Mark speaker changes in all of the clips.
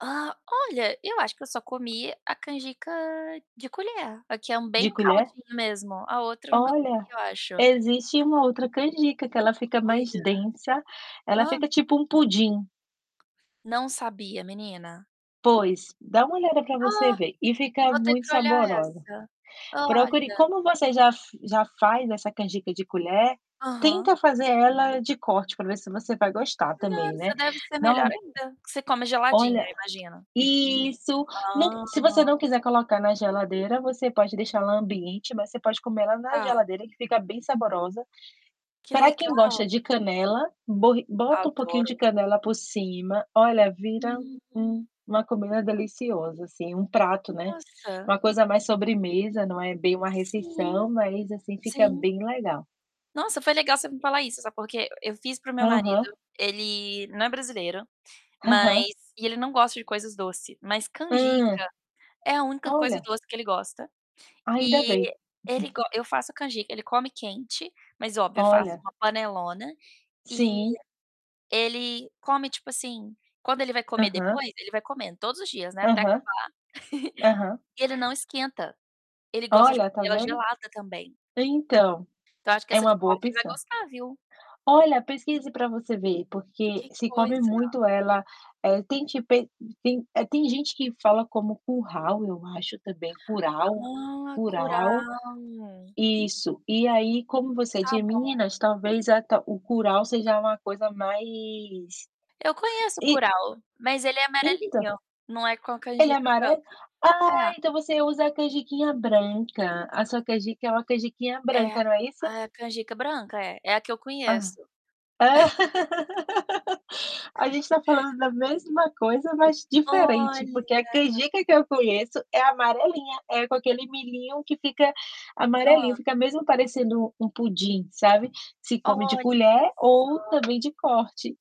Speaker 1: Ah, olha, eu acho que eu só comi a canjica de colher, a que é um
Speaker 2: De
Speaker 1: bem
Speaker 2: colher?
Speaker 1: caldinho mesmo, a outra nunca comi
Speaker 2: Olha,
Speaker 1: eu acho.
Speaker 2: existe uma outra canjica que ela fica mais
Speaker 1: Olha.
Speaker 2: densa, ela
Speaker 1: Hã?
Speaker 2: fica tipo um pudim.
Speaker 1: Não sabia, menina.
Speaker 2: Pois, dá uma olhada para você
Speaker 1: Ah,
Speaker 2: ver, e fica
Speaker 1: vou ter
Speaker 2: muito
Speaker 1: que olhar
Speaker 2: saborosa.
Speaker 1: essa.
Speaker 2: Procure
Speaker 1: Olha.
Speaker 2: como você já f já faz essa canjica de colher,
Speaker 1: Aham.
Speaker 2: tenta fazer ela de corte, para ver se você vai gostar também, né,
Speaker 1: Nossa, deve ser melhor
Speaker 2: não
Speaker 1: ainda, que você come geladinho,
Speaker 2: Olha,
Speaker 1: eu imagino.
Speaker 2: isso, no
Speaker 1: Hã!
Speaker 2: se você não quiser colocar na geladeira, você pode deixar ela ambiente, mas você pode comer ela na
Speaker 1: Tá.
Speaker 2: geladeira que fica bem saborosa.
Speaker 1: Que
Speaker 2: Para
Speaker 1: legal.
Speaker 2: quem gosta de canela, borri bota um pouquinho de
Speaker 1: Adoro.
Speaker 2: canela por cima, olha, vira
Speaker 1: Hum.
Speaker 2: um uma comida deliciosa assim, um prato, né,
Speaker 1: Nossa.
Speaker 2: uma coisa mais sobremesa, não é bem uma
Speaker 1: Sim,
Speaker 2: refeição, mas assim fica
Speaker 1: sim.
Speaker 2: bem legal.
Speaker 1: Nossa, foi legal você me falar isso, sabe por quê? Eu fiz para o meu marido,
Speaker 2: Aham.
Speaker 1: ele não é brasileiro, mas
Speaker 2: Aham.
Speaker 1: e ele não gosta de coisas doce, mas canjica
Speaker 2: Hum.
Speaker 1: é a única coisa
Speaker 2: Olha.
Speaker 1: doce que ele gosta.
Speaker 2: Ainda bem.
Speaker 1: E ele go eu faço canjica, ele come quente, mas, óbvio, eu faço
Speaker 2: Olha.
Speaker 1: uma panelona, e
Speaker 2: Sim.
Speaker 1: ele come, tipo assim, quando ele vai comer
Speaker 2: Aham.
Speaker 1: depois ele vai comendo, todos os dias, né, até acabar.
Speaker 2: Aham. Aham.
Speaker 1: E ele não esquenta, ele gosta de
Speaker 2: Olha,
Speaker 1: comer
Speaker 2: tá
Speaker 1: ela
Speaker 2: vendo?
Speaker 1: gelada também.
Speaker 2: Então,
Speaker 1: Então eu acho que
Speaker 2: é
Speaker 1: essa de
Speaker 2: uma boa
Speaker 1: corte ele vai
Speaker 2: opção.
Speaker 1: gostar, viu?
Speaker 2: Olha, pesquise para você ver, porque
Speaker 1: Que
Speaker 2: se come
Speaker 1: coisa.
Speaker 2: muito ela, eh, tem tipo e tem tem é, tem gente que fala como curral, eu acho também, curau,
Speaker 1: Ah,
Speaker 2: curau.
Speaker 1: curau.
Speaker 2: Isso, e aí como você é
Speaker 1: Tá
Speaker 2: de
Speaker 1: bom.
Speaker 2: meninas, talvez até o curau seja uma coisa mais
Speaker 1: Eu conheço
Speaker 2: e
Speaker 1: curau, mas ele é
Speaker 2: Então,
Speaker 1: amarelinho, não é com a
Speaker 2: ele é
Speaker 1: canjica
Speaker 2: amarelo?
Speaker 1: branca.
Speaker 2: Ah,
Speaker 1: É.
Speaker 2: então você usa a canjiquinha branca, a sua canjica é uma canjiquinha
Speaker 1: É,
Speaker 2: branca, não é isso?
Speaker 1: ah, é a canjica branca, é. É a que eu
Speaker 2: Hã.
Speaker 1: conheço.
Speaker 2: A gente está falando da mesma coisa, mas
Speaker 1: Olha!
Speaker 2: diferente, porque a que eu conheço é amarelinha, é com aquele milhinho que fica amarelinho,
Speaker 1: Hã.
Speaker 2: fica mesmo parecendo um pudim, sabe, se come de
Speaker 1: Olha,
Speaker 2: colher ou
Speaker 1: só.
Speaker 2: também de corte.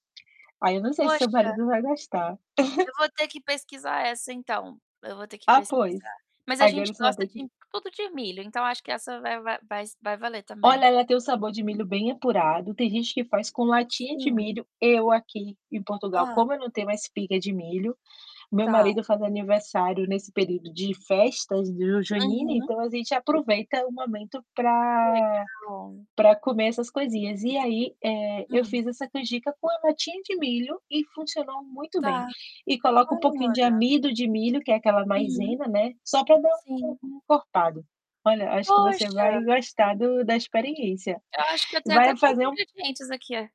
Speaker 2: Aí eu não sei se seu
Speaker 1: Poxa.
Speaker 2: marido vai gostar.
Speaker 1: Eu vou ter que pesquisar essa então, eu vou ter que
Speaker 2: Ah, pois,
Speaker 1: pesquisar. Mas a
Speaker 2: agora
Speaker 1: gente
Speaker 2: você vai
Speaker 1: gosta
Speaker 2: ter que
Speaker 1: de tudo de milho, então acho que essa vai vai vai s vai valer
Speaker 2: Olha,
Speaker 1: também.
Speaker 2: ela tem o sabor de milho bem apurado. Tem gente que faz com latinha de
Speaker 1: Sim.
Speaker 2: milho, eu aqui, em Portugal,
Speaker 1: Ah.
Speaker 2: como eu não tenho uma espiga de milho, meu
Speaker 1: Tá.
Speaker 2: marido faz aniversário nesse período de festas do junina,
Speaker 1: Aham.
Speaker 2: então a gente aproveita o momento
Speaker 1: Que
Speaker 2: pra
Speaker 1: legal.
Speaker 2: pra comer essas coisinhas e aí, eh, eu
Speaker 1: Hum.
Speaker 2: fiz essa canjica com a latinha de milho, e funcionou muito bem.
Speaker 1: Tá,
Speaker 2: E coloco um pouquinho
Speaker 1: olha.
Speaker 2: de amido de milho, que é aquela
Speaker 1: Hum.
Speaker 2: maisena né, só para dar um
Speaker 1: Sim.
Speaker 2: um encorpado. Olha, acho que você
Speaker 1: Poxa.
Speaker 2: vai gostar do da experiência
Speaker 1: Eu acho que eu
Speaker 2: e
Speaker 1: tenho até
Speaker 2: vai
Speaker 1: todos
Speaker 2: fazer
Speaker 1: os
Speaker 2: um
Speaker 1: ingredientes aqui.